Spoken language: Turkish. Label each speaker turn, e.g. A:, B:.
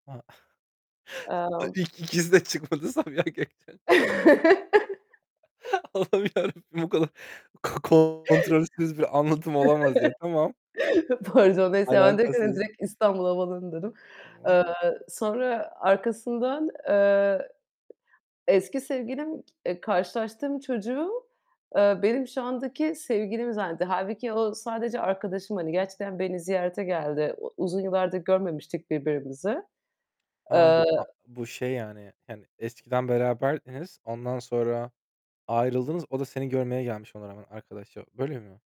A: Ha.
B: Imm.
A: İlk ikisi de çıkmadı. Sabiha Gökçen ç Allah'ım Yarabbim. Bu kadar ko kontrolsüz bir anlatım olamaz ya. Tamam.
B: Pardon, neyse ya. Ben direkt, hani,
A: Alakasız.
B: direkt İstanbul Havaalanı dedim.
A: Tamam.
B: Eee, sonra, arkasından, eee, eski sevgilim, k eee, karşılaştığım çocuğu, eee, benim şu andaki sevgilim zannetti. Hâlbuki o, sadece arkadaşım, hani, gerçekten beni ziyarete geldi. O uzun yıllardır görmemiştik birbirimizi.
A: Ha,
B: Eee
A: bu a bu şey, yani, hani eskiden beraberdiniz, ondan sonra ayrıldınız. O da seni görmeye gelmiş ona rağmen, arkadaşça, böyle mi?